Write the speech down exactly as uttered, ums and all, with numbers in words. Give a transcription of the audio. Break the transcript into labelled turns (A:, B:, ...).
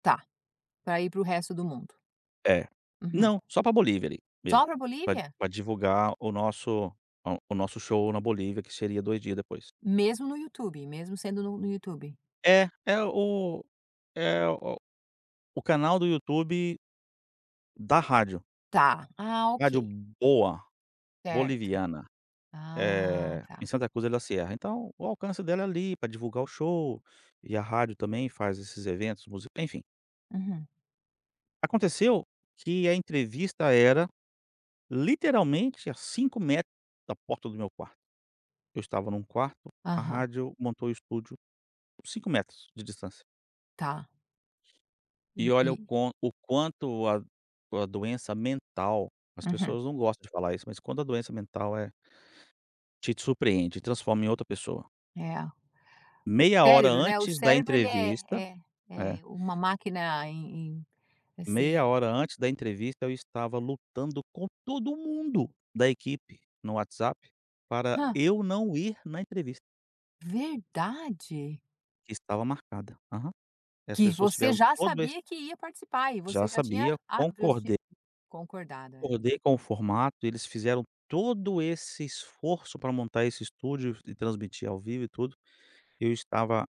A: Tá, para ir para o resto do mundo.
B: É,
A: Uhum.
B: não, só para Bolívia ali
A: Só
B: mesmo,
A: para
B: pra
A: Bolívia?
B: pra divulgar o nosso, ah, o nosso show na Bolívia que seria dois dias depois.
A: Mesmo no YouTube, mesmo sendo no no YouTube?
B: É, é o é o o canal do YouTube, da rádio.
A: Tá, ah
B: Rádio
A: ok.
B: Boa,
A: Certo.
B: boliviana,
A: Ah
B: eh, em
A: tá.
B: Santa Cruz de La Sierra então, o alcance dela é ali para divulgar o show, e a rádio também faz esses eventos músic enfim.
A: Uhum.
B: Aconteceu que a entrevista era, literalmente a cinco metros da porta do meu quarto. Eu estava em um quarto, a
A: Aham.
B: rádio montou o estúdio, cinco metros de distância.
A: Tá.
B: E olha o
A: [unintelligible]
B: quan o quanto a a doença mental, as
A: Uhum.
B: pessoas não gostam de falar isso, mas quando a doença mental é te surpreende e transforma em outra pessoa.
A: É, o
B: Meia hora
A: cérebro, né, o
B: antes da
A: cérebro ele é
B: entrevista,
A: é
B: é
A: é uma máquina em em
B: meia
A: assim.
B: hora antes da entrevista eu estava lutando com todo mundo da equipe no WhatsApp, para
A: Hã.
B: eu não ir na entrevista.
A: Verdade?
B: Que estava marcada. Aham. E as
A: Que
B: pessoas
A: você
B: tiveram
A: já
B: todo esse.
A: sabia que ia participar e você
B: Já
A: já tinha
B: sabia,
A: a transfi
B: concordei
A: concordado.
B: concordei com o formato, eles fizeram todo esse esforço para montar esse estúdio e f transmitir ao vivo e tudo. Eu estava